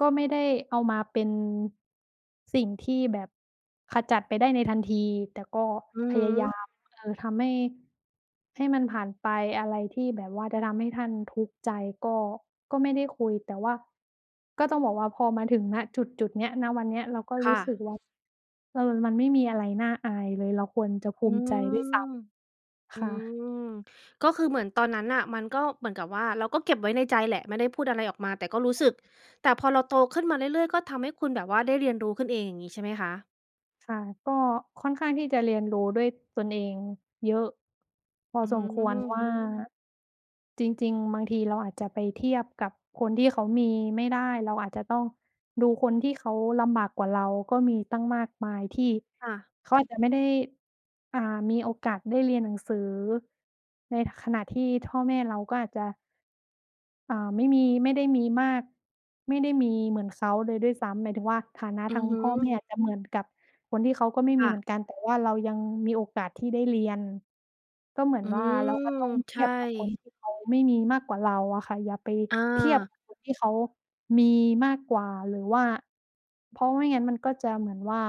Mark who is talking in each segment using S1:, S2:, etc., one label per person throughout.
S1: ก็ไม่ได้เอามาเป็น สิ่งที่แบบขจัดไปได้ในทันทีแต่ก็
S2: อือ
S1: พ
S2: ฮึ
S1: ยายาม เออ ทำให้ ให้มันผ่านไปอะไรที่แบบว่าจะทำให้ท่านทุกข์ใจก็ ก็ไม่ได้คุยแต่ว่า ก็ต้องบอกว่าพอมาถึง ณ จุดจุดนี้ ณ วันเนี้ยเราก็
S2: ค
S1: รู
S2: ่
S1: ้สึ
S2: ะ
S1: กว่า เออ มันไม่มีอะไรน่าอายเลย เราควรจะภ
S2: อ
S1: ู
S2: ื
S1: มิใจด้วยซ
S2: ม
S1: ้ำ
S2: อื
S1: ค่ะ
S2: ม ก็คือเหมือนตอนนั้นน่ะ มันก็เหมือนกับว่าเราก็เก็บไว้ในใจแหละ ไม่ได้พูดอะไรออกมาแต่ก็รู้
S1: ค่
S2: ส
S1: ะ
S2: ึก แต่พอเราโตขึ้นมาเรื่อย ๆ ก็ทำให้คุณแบบว่าได้เรียนรู้ขึ้นเองอย่างงี้ ใช่ไหมคะ?
S1: ค่ะ ก็ค่อนข้างที่จะเรียนรู้ด้วยตนเองเยอะพอ
S2: อื
S1: สมควร ว
S2: ม
S1: ่าจริง ๆ บางทีเราอาจจะไปเทียบกับคนที่เขามีไม่ได้ เราอาจจะต้องดูคนที่เขาลำบากกว่าเราก็มีตั้งมากมายที่
S2: ค่ะ
S1: เขาอาจจะไม่ได้ อา มีโอกาสได้เรียนหนังสือ ในขณะที่พ่อแม่เราก็อาจจะ อา ไม่มี ไม่ได้มีมาก ไม่ได้มีเหมือนเขาเลยด้วยซ้ำ หมายถึงว่าฐานะ
S2: อื
S1: ทา
S2: อ
S1: ง
S2: ฮึ
S1: พ่อแม่อาจจะเหมือนกับคนที่เขาก็ไม่
S2: ค
S1: มี
S2: ่
S1: เ
S2: ะ
S1: หมือนกัน แต่ว่าเรายังมีโอกาสที่ได้เรียน ก็เหมือน
S2: อื
S1: ว่าเราก็ต้อ
S2: ม
S1: งเท
S2: ใช
S1: ีย
S2: ่
S1: บกับคนที่เขาไม่มีมากกว่าเราอะค่ะ อย่าไป
S2: อ
S1: เทียบ
S2: า
S1: กับคนที่เขามีมากกว่าหรือว่า เพราะไม่งั้นมันก็จะเหมือนว่า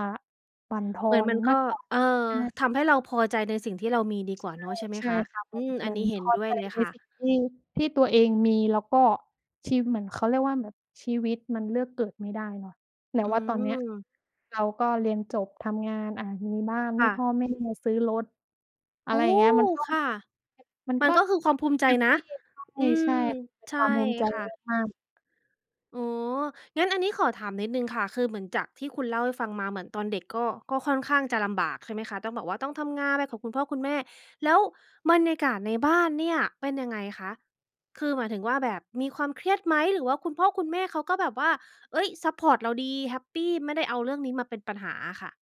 S1: บั่นทอ
S2: เหมือน
S1: น
S2: มัน
S1: ม
S2: ก็
S1: ากกว่า
S2: เออ
S1: ใช่
S2: ทำให้เราพอใจในสิ่งที่เรามีดีกว่า
S1: ใช
S2: เนา
S1: ่
S2: ะใช่ไหม
S1: ใช่
S2: คะ?
S1: ค่ะ เหม
S2: อ
S1: ื
S2: ื
S1: อน
S2: ม
S1: เ
S2: อ
S1: ห
S2: ั
S1: มื
S2: น
S1: อ
S2: น
S1: น
S2: ี้เห
S1: พ
S2: ็น
S1: อ
S2: ด้ว
S1: ใ
S2: ย
S1: จ
S2: เลย
S1: ใน
S2: ค่
S1: ส
S2: ะ
S1: ิ่งที่ ที่ตัวเองมีแล้วก็ ที่เหมือนเขาเรียกว่าแบบ ชีวิตมันเลือกเกิดไม่ได้เนาะ แต่
S2: อื
S1: ว่าตอนเนี้ย
S2: ม
S1: เราก็เรียนจบทำงาน อะ มีบ้าน
S2: ค
S1: ให้
S2: ่
S1: พ่
S2: ะ
S1: อแม่ ซื้อรถ อ
S2: โ
S1: ะ
S2: อ
S1: ไร
S2: ้
S1: อย่
S2: โ
S1: างเงี้ย มั
S2: ฮ
S1: นก็
S2: ค่ะ
S1: มัน
S2: มั
S1: ก
S2: น
S1: ็
S2: ก็คือความภูมิใจ
S1: แฮป
S2: นะ
S1: ปี
S2: อื
S1: ใช่
S2: ม
S1: ๆ เป็น
S2: ใช
S1: ค
S2: ่
S1: วามภูมิใจ
S2: ค่ะ
S1: มาก ๆ
S2: อ๋อ งั้นอันนี้ขอถามนิดหนึ่งค่ะ คือเหมือนจากที่คุณเล่าให้ฟังมาเหมือนตอนเด็กก็ ก็ค่อนข้างจะลำบากใช่ไหมคะ ต้องแบบต้องทำงานไปกับคุณพ่อคุณแม่ แล้วบรรยากาศในบ้านเนี่ยเป็นยังไงคะ? คือหมายถึงว่าแบบมีความเครียดไหม? หรือว่าคุณพ่อคุณแม่เขาก็แบบว่า เฮ้ย ซัปพอร์ตเราดีแฮปปี ไม่ได้เอาเรื่องนี้มาเป็นปัญหาอะค่ะ